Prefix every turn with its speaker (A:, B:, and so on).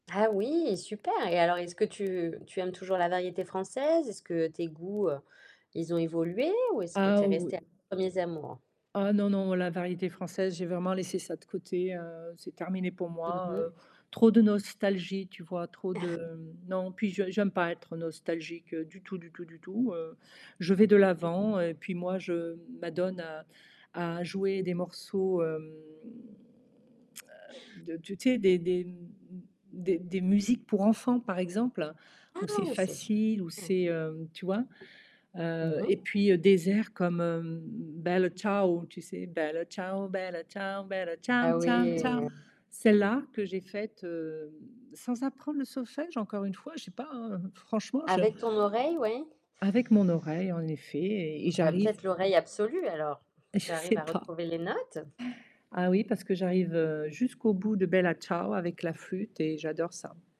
A: Ah oui, super! Et alors, est-ce que tu tu aimes toujours la variété française? Est-ce que tes goûts, heu, ils ont évolué ou est-ce que
B: Ah,
A: tu es
B: oui.
A: restée à tes 1ers amours?
B: Ah non, non, la variété française, j'ai vraiment laissé ça de côté, heu, c'est terminé pour
A: Mmh
B: moi.
A: mh.
B: Heu, trop de nostalgie, tu vois? Trop de non, puis je j'aime pas être nostalgique du tout, du tout, du tout. Heu, je vais de
A: Mmh.
B: l'avant et puis moi, je m'adonne à à jouer des morceaux, hem heu, de tu sais, des des m m m des des musiques pour enfants par exemple, où c'est
A: Ah! C'est su
B: facile, où
A: mmh.
B: c'est, heu tu vois?
A: Mmh
B: Heu,
A: mh.
B: et puis, heu, des airs comme, hem, Bella Ciao, tu sais? Bella ciao, Bella ciao, Bella ciao
A: Ah
B: ciao
A: oui.
B: ciao, celle-là que j'ai faite, hem, sans apprendre le solfège, encore une fois, je sais pas, hein, franchement je
A: Avec ton oreille, oui.
B: Avec mon oreille, en effet, et et
A: Tu as
B: j'arrive
A: peut-être l'oreille absolue alors.
B: Je
A: Tu arrives
B: sais
A: à
B: pas.
A: retrouver les notes?
B: Ah oui, parce que j'arrive, heu, jusqu'au bout de Bella Ciao, avec la flûte et j'adore ça.